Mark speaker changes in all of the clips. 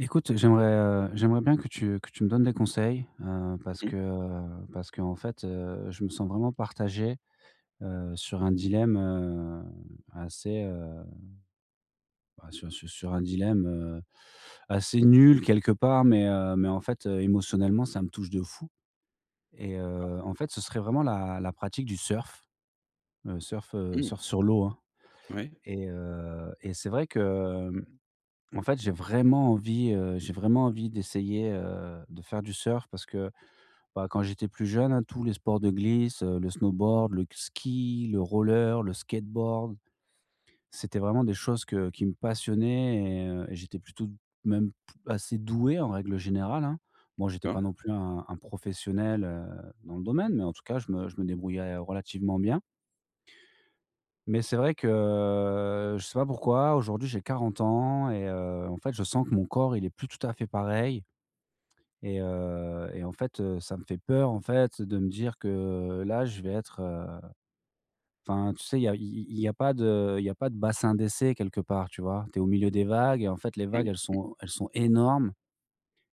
Speaker 1: Écoute, j'aimerais, heu, j'aimerais bien que tu que tu me donnes des conseils. Heu, parce
Speaker 2: Mmh
Speaker 1: que,
Speaker 2: mh.
Speaker 1: heu, parce qu'en fait, heu, je me sens vraiment partagé, heu, sur un dilemme, heu, assez, heu, bah, sur un su sur un dilemme, heu, assez nul quelque part, mais heu, mais en fait, heu, émotionnellement, ça me touche de fou, et heu, en fait, ce serait vraiment la la pratique du surf, le surf, heu,
Speaker 2: Mmh.
Speaker 1: surf sur l'eau, hein,
Speaker 2: Ouais.
Speaker 1: et heu, et c'est vrai que, mmh, en fait, j'ai vraiment envie, heu, j'ai vraiment envie d'essayer, heu, de faire du surf parce que, ben, quand j'étais plus jeune, hein, tous les sports de glisse, heu, le snowboard, le k ski, le roller, le skateboard, c'était vraiment des choses que qui me passionnaient et heu, j'étais plutôt b même p assez doué, en règle générale, hein. Bon, j'étais
Speaker 2: D'accord.
Speaker 1: pas non plus un un professionnel, heu, dans le domaine, mais en tout cas, je me je me débrouillais relativement bien. Mais c'est vrai que je sais pas pourquoi, aujourd'hui, j'ai 40 ans et heu, en fait, je sens que mon corps, il est plus tout à fait pareil, et heu, et en fait, heu, ça me fait peur, en fait, de me dire que là, je vais être, heu, enfin tu sais, il y a i i il y a pas de il y a pas de bassin d'essai quelque part, tu vois? Tu es au milieu des vagues et en fait, les vagues,
Speaker 2: Oui.
Speaker 1: elles
Speaker 2: Mmh.
Speaker 1: sont elles sont énormes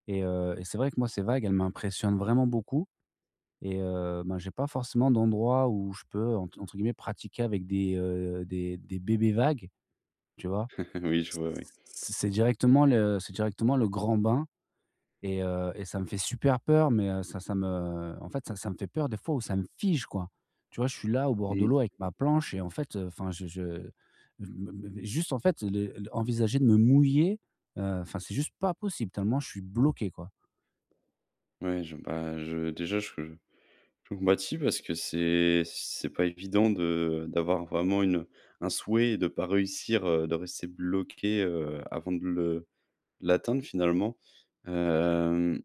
Speaker 1: et heu, et c'est vrai que, moi, ces vagues, elles m'impressionnent vraiment beaucoup, et heu, ben, j'ai pas forcément d'endroit où je peux entre entre guillemets «pratiquer» avec des, heu, des des bébés vagues, tu vois?
Speaker 2: Oui,
Speaker 1: C
Speaker 2: je vois
Speaker 1: c
Speaker 2: oui.
Speaker 1: c'est c'est directement le c'est directement le grand bain, et heu, et ça me fait super peur, mais heu, ça ça me en fait, ça me fait peur, des fois, où ça me fige, quoi. Tu vois, je suis là au bord de
Speaker 2: Mmh.
Speaker 1: l'eau avec ma planche et en fait, enfin, je je m me me juste, en fait, les l envisager de me mouiller, heu, enfin, c'est juste pas possible tellement je suis bloqué quoi.
Speaker 2: Ouais, je, bah, je déjà je je compatis, parce que c'est c'est pas évident de d'avoir vraiment une un souhait et de pas réussir, heu, de rester bloqué, heu, avant de le l'atteindre finalement. Hem,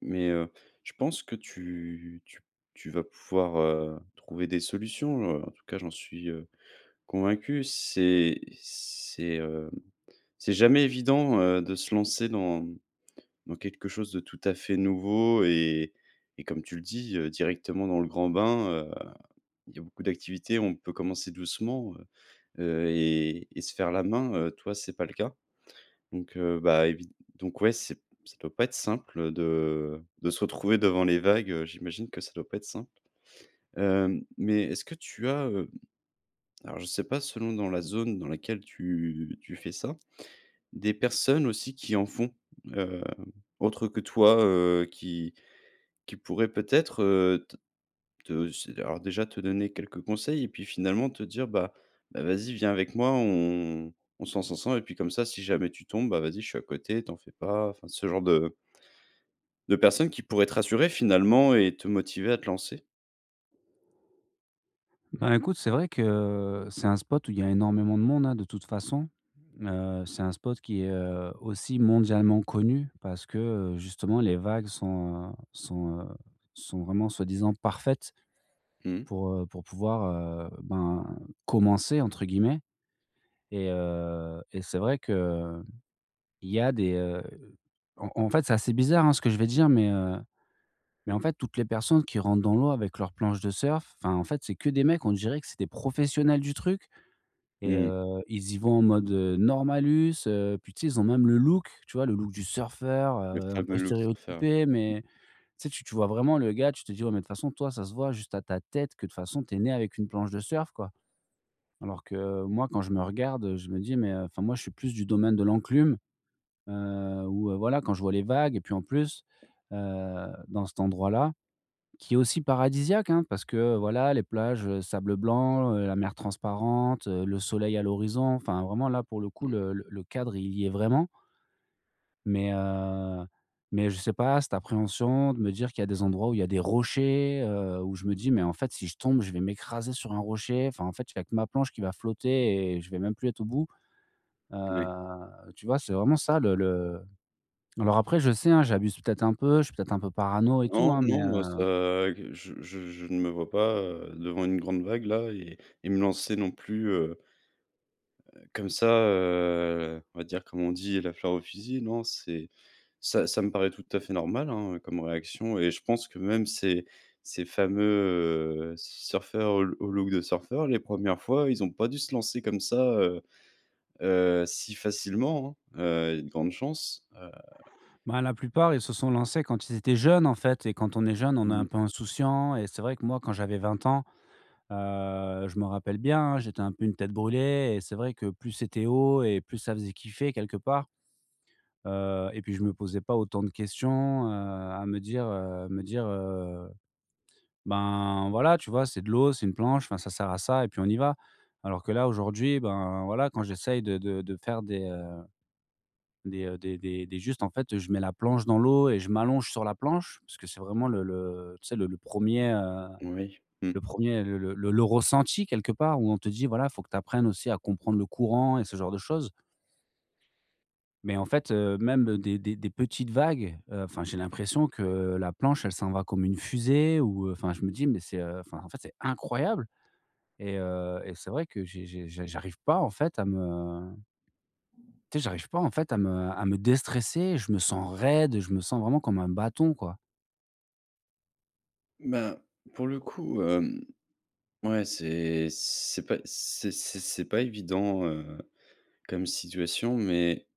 Speaker 2: mais heu, je pense que tu tu tu vas pouvoir, heu, trouver des solutions, heu, en tout cas, j'en suis, heu, convaincu. C'est c'est, hem, c'est jamais évident, heu, de se lancer dans dans quelque chose de tout à fait nouveau et et comme tu le dis, heu, directement dans le grand bain. Heu, il y a beaucoup d'activités, on peut commencer doucement, heu heu, et et se faire la main, heu, toi, c'est pas le cas, donc heu, bah, évi donc ouais, c'est p ça doit pas être simple de de se retrouver devant les vagues, heu, j'imagine que ça doit pas être simple. Hem, mais est-ce que tu as, hem, alors je sais pas, selon dans la zone dans laquelle tu tu fais ça, des personnes aussi qui en font? Heu, autre que toi, heu, qui qui pourraient peut-être, heu, t te c'est d alors déjà te donner quelques conseils et puis, finalement, te dire: «Bah bah vas-y, viens avec moi, on on se lance ensemble et puis, comme ça, si jamais tu tombes, bah, vas-y, je suis à côté, t'en fais pas». Enfin, ce genre de de personnes, qui pourraient te rassurer, finalement, et te motiver à te lancer?
Speaker 1: Ben, écoute, c'est vrai que, c'est un spot où il y a énormément de monde, hein, de toute façon. Heu, c'est un spot qui est aussi, heu, mondialement connu parce que, heu, justement les vagues sont, heu, sont, heu, sont vraiment soi-disant parfaites
Speaker 2: Mmh mh.
Speaker 1: pour, heu, pour pouvoir, heu, ben, «commencer» entre guillemets, et heu, et c'est vrai qu'il y a des, heu, en en fait, c'est assez bizarre ce que je vais dire, mais heu, mais en fait toutes les personnes qui rentrent dans l'eau avec leurs planches de surf, enfin en fait, c'est que des mecs. On dirait que c'est professionnel du truc
Speaker 2: Mmh
Speaker 1: et
Speaker 2: mh.
Speaker 1: heu, ils y vont en mode normalus, heu, et puis tu sais? Ils ont même le look, tu vois? Le look du surfeur,
Speaker 2: Le
Speaker 1: heu, un peu
Speaker 2: fameux look surfer!
Speaker 1: stéréotypé mais tu sais? Tu tu vois? Vraiment le gars tu te dis: «Ouais toi, de toute façon, toi ça se voit juste à ta tête que, de toute façon, tu es né avec une planche de surf quoi». Alors que moi quand je me regarde, je me dis: «Mais enfin moi, je suis plus du domaine de l'enclume» heu, où heu, voilà quand je vois les vagues, et puis en plus, heu, dans cet endroit là qui est aussi paradisiaque, hein, parce que, heu, voilà les plages sable blanc, heu, la mer transparente, le soleil à l'horizon enfin vraiment là, pour le coup,
Speaker 2: Mmh.
Speaker 1: le le cadre il y est vraiment. Mais heu, mais je sais pas, cette appréhension de me dire qu'il y a des endroits où il y a des rochers, heu, où je me dis: «Mais en fait si je tombe je vais m'écraser sur un rocher, enfin en fait il y a que ma planche qui va flotter et je ne vais même plus être au bout».
Speaker 2: Moui.
Speaker 1: Heu, tu vois? C'est vraiment ça le le alors après je sais, hein, j'abuse peut-être un peu, je suis peut-être un peu parano et tout,
Speaker 2: Non,
Speaker 1: hein, mais
Speaker 2: non moi
Speaker 1: heu.
Speaker 2: ça je je je ne me vois pas, heu, devant une grande vague là et et me lancer non plus, heu heu, comme ça, heu, on va dire comme on dit: «La fleur au fusil». Non c'est ça ça me paraît tout à fait normal, hein, comme réaction, et je pense que même ces ces fameux surfeurs au au look de surfeurs, les 1re fois, ils ont pas dû se lancer comme ça, heu heu, si facilement, hein, heu, il y a de grande chance, heu.
Speaker 1: Ben la plupart, ils se sont lancés quand ils étaient jeunes en fait et quand on est jeune, on est un
Speaker 2: Mmh.
Speaker 1: peu insouciant et c'est vrai que moi quand j'avais 20 ans, heu, je me rappelle bien, hein, j'étais un peu une tête brûlée et c'est vrai que, plus c'était haut et plus ça faisait kiffer quelque part. Heu, et puis je me posais pas autant de questions, heu, à me dire, heu, me dire, heu, ben voilà, tu vois?: «C'est de l'eau, c'est une planche, enfin ça sert à ça et puis on y va». Alors que là, aujourd'hui, ben voilà quand j'essaye de de de faire des, heu, des, heu, des des juste en fait, je mets la planche dans l'eau et je m'allonge sur la planche parce que c'est vraiment le le, tu sais? Le 1er, heu,
Speaker 2: Oui. Mmh.
Speaker 1: le 1er le le le le ressenti quelque part où on te dit voilà: «Faut que tu apprennes aussi à comprendre le courant et ce genre de choses». Mais en fait, heu, même des des des petites vagues, heu, enfin, j'ai l'impression que la planche, elle s'en va comme une fusée ou enfin, je me dis: «Mais c'est, enfin, en fait, c'est incroyable» et heu, et c'est vrai que j'ai j'ai j'ai j'arrive pas en fait à me Tu sais? J'arrive pas en fait à me à me déstresser. Je me sens raide et je me sens vraiment comme un bâton quoi.
Speaker 2: Bah pour le coup, hem, ouais, c'est c'est pas c'est c'est pas évident, heu, comme situation, mais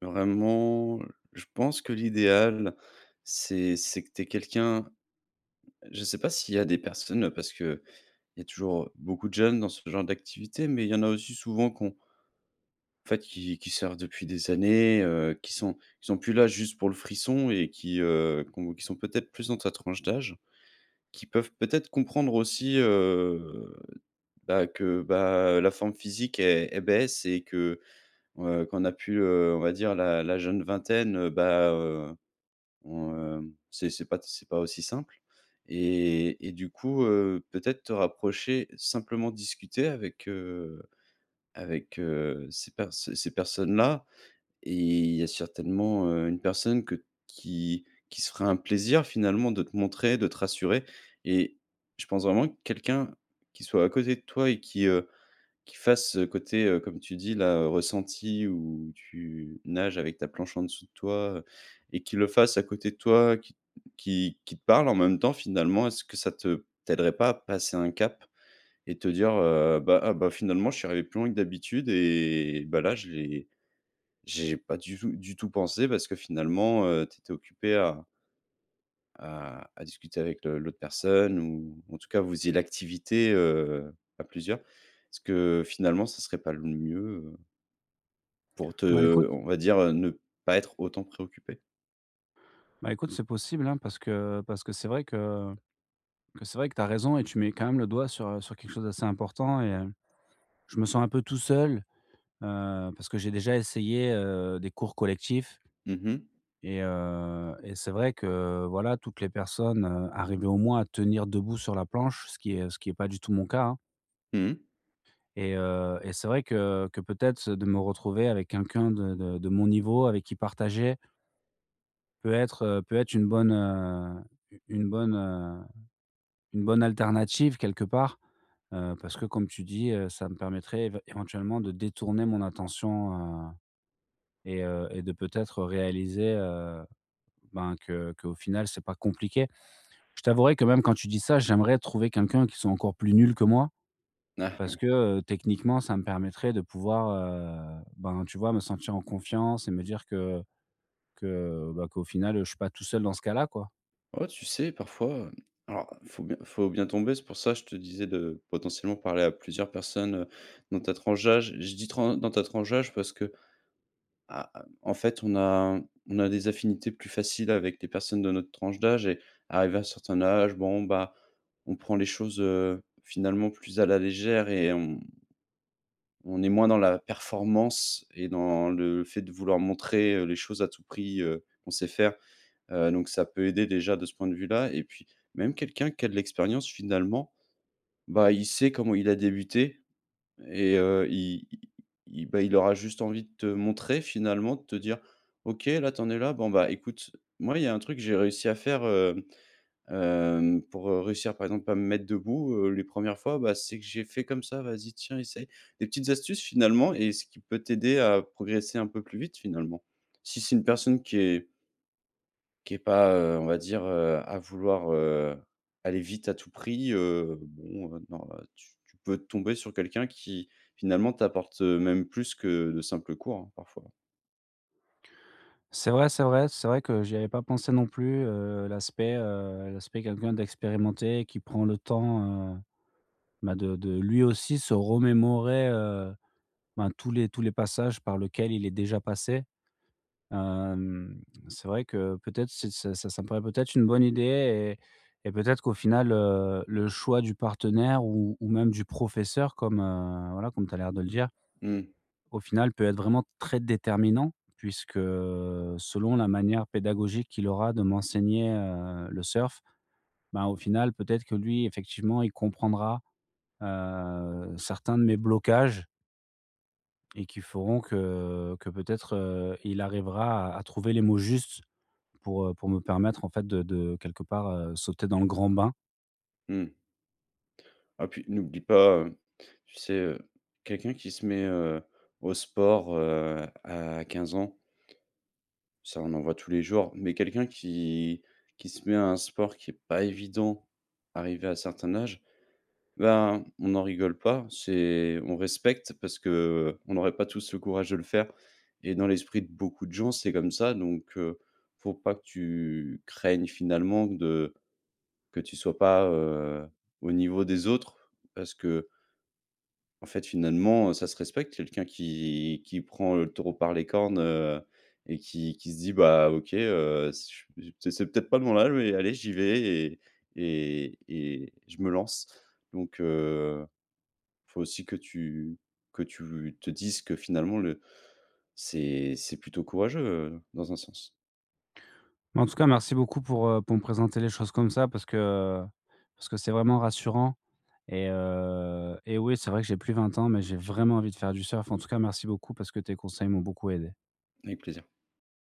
Speaker 2: vraiment, je pense que l'idéal, c'est c'est que tu aies quelqu'un. Je sais pas s'il y a des personnes parce qu'il y a toujours beaucoup de jeunes dans ce genre d'activités, mais il y en a aussi souvent qu'ont en fait qui surfent depuis des années, heu, qui sont qui sont plus là juste pour le frisson et qui, heu, qu'ont qui sont peut-être plus dans ta tranche d'âge, qui peuvent peut-être comprendre aussi, heu, bah que bah, la forme physique, elle elle baisse et que, heu, qu'on a pu, heu, on va dire la la jeune vingtaine, heu, bah, heu, mmh, c'est pas c'est pas aussi simple et et du coup, heu, peut-être te rapprocher simplement discuter avec, heu, avec, heu, ces per ces personnes-là, et il y a certainement, heu, une personne que qui qui se fera un plaisir finalement de te montrer, de te rassurer, et je pense vraiment quelqu'un qui soit à côté de toi et qui, heu, qui fasse ce côté, heu, comme tu dis là «ressenti» où tu nages avec ta planche en dessous de toi, heu, et qui le fasse à côté de toi qui qui qui te parle en même temps finalement est-ce que ça te t'aiderait pas à passer un cap? Et te dire, heu: «Bah, ah bah finalement je suis arrivé plus loin que d'habitude et bah là je l'ai j'ai pas du tout du tout pensé» parce que finalement, heu, tu étais occupé à à à discuter avec le l'autre personne ou en tout cas vous faisiez l'activité, heu, à plusieurs. Est-ce que finalement ça serait pas le mieux, heu? Pour te
Speaker 1: Bah, écoute
Speaker 2: on va dire, heu, ne pas être autant préoccupé.
Speaker 1: Bah écoute, c'est possible, hein, parce que parce que c'est vrai que c'est vrai que tu as raison et tu mets quand même le doigt sur, heu, sur quelque chose d'assez important et heu, je me sens un peu tout seul, heu, parce que j'ai déjà essayé, heu, des cours collectifs.
Speaker 2: Mmh mh.
Speaker 1: Et heu, et c'est vrai que, heu, voilà, toutes les personnes, heu, arrivaient au moins à tenir debout sur la planche, ce qui est ce qui est pas du tout mon cas, hein.
Speaker 2: Mmh mh.
Speaker 1: Et heu et c'est vrai que que, peut-être, de me retrouver avec quelqu'un de de de mon niveau avec qui partager peut être, heu, peut être une bonne, heu, u une bonne, heu, une bonne alternative quelque part. Heu, parce que, comme tu dis, heu, ça me permettrait év éventuellement de détourner mon attention, heu et heu, et de, peut-être, heu, réaliser, heu, ben, que qu'au final, c'est pas compliqué. Je t'avouerais que, même quand tu dis ça, j'aimerais trouver quelqu'un qui soit encore plus nul que moi.
Speaker 2: Ah.
Speaker 1: Parce
Speaker 2: [unintelligible]
Speaker 1: que, heu, techniquement, ça me permettrait de pouvoir, heu, ben, tu vois, me sentir en confiance et me dire que que, bah qu'au final, heu, je suis pas tout seul dans ce cas-là, quoi.
Speaker 2: Oh, tu sais, parfois, hem, alors, il faut bien il faut bien tomber, c'est pour ça, je te disais de, potentiellement, parler à plusieurs personnes, heu, dans ta tranche d'âge. Je dis, tran dans ta tranche d'âge, parce qu'à à en fait, on a on a des affinités plus faciles avec des personnes de notre tranche d'âge et arrivé à un certain âge, bon, bah, on prend les choses, heu, finalement, plus à la légère et on on est moins dans la performance et dans le fait de vouloir montrer, heu, les choses à tout prix, heu, qu'on sait faire. Heu, donc, ça peut aider, déjà, de ce point de vue-là et puis, même quelqu'un qui a de l'expérience, finalement, bah, il sait comment il a débuté et heu, i i il, bah, il aura juste envie de te montrer finalement, de te dire: «OK, là, tu en es là. Bon, bah, écoute, moi, il y a un truc que j'ai réussi à faire, hem, hem, pour, heu, réussir, par exemple, à me mettre debout, heu, les premières fois, bah, c'est que j'ai fait comme ça, vas-y, tiens, essaye». Des petites astuces finalement et ce qui peut t'aider à progresser un peu plus vite, finalement. Si c'est une personne qui est qui est pas, heu, on va dire, heu, à vouloir, heu, aller vite à tout prix, heu. Bon, heu, non, heu, tu tu peux tomber sur quelqu'un qui, finalement, t'apporte, heu, même plus que de simples cours, hein, parfois.
Speaker 1: C'est vrai, c'est vrai, c'est vrai que j'y avais pas pensé non plus. Heu, l'aspect heu, l'aspect, heu, quelqu'un d'expérimenté, qui prend le temps, heu, bah, de de lui aussi se remémorer, heu, ben, tous les tous les passages par lequel il est déjà passé. Hem, c'est vrai que peut-être que c'est ça ça me paraît peut-être une bonne idée et et peut-être qu'au final, heu, le choix du partenaire ou ou même du professeur comme voilà comme tu as l'air de le dire
Speaker 2: Mmh.
Speaker 1: au final peut être vraiment très déterminant puisque, selon la manière pédagogique qu'il aura de m'enseigner, heu, le surf, ben, au final, peut-être que lui, effectivement, il comprendra, heu, certains de mes blocages et qui feront que que peut-être, heu, il arrivera à à trouver les mots justes pour, heu, pour me permettre en fait, de de quelque part, heu, sauter dans le grand bain.
Speaker 2: Mmh. Ah puis n'oublie pas, heu, tu sais, heu, quelqu'un qui se met, heu, au sport, heu, à 15 ans ça, on en voit tous les jours, mais quelqu'un qui qui se met à un sport qui est pas évident, arrivé à certains âges, ben, on n'en rigole pas. C'est on respecte parce qu'on n'aurait pas tous le courage de le faire, et dans l'esprit de beaucoup de gens, c'est comme ça, donc, heu, faut pas que tu craignes finalement de que tu sois pas, heu, au niveau des autres parce que en fait, finalement, heu, ça se respecte quelqu'un qui qui prend, heu, le taureau par les cornes, heu, et qui qui se dit: «Bah, OK, heu, c pff, c'est c'est peut-être pas de mon âge, mais allez, j'y vais et et et je me lance», donc heu, faut aussi que tu que tu te dises que finalement le c'est c'est plutôt courageux, heu, dans un sens.
Speaker 1: Mais en tout cas merci beaucoup, pour, heu, pour me présenter les choses comme ça, parce que, heu, parce que c'est vraiment rassurant et heu, et oui, c'est vrai que j'ai plus 20 ans, mais j'ai vraiment envie de faire du surf. En-tout-cas merci beaucoup parce que tes conseils m'ont beaucoup aidé.
Speaker 2: Avec plaisir.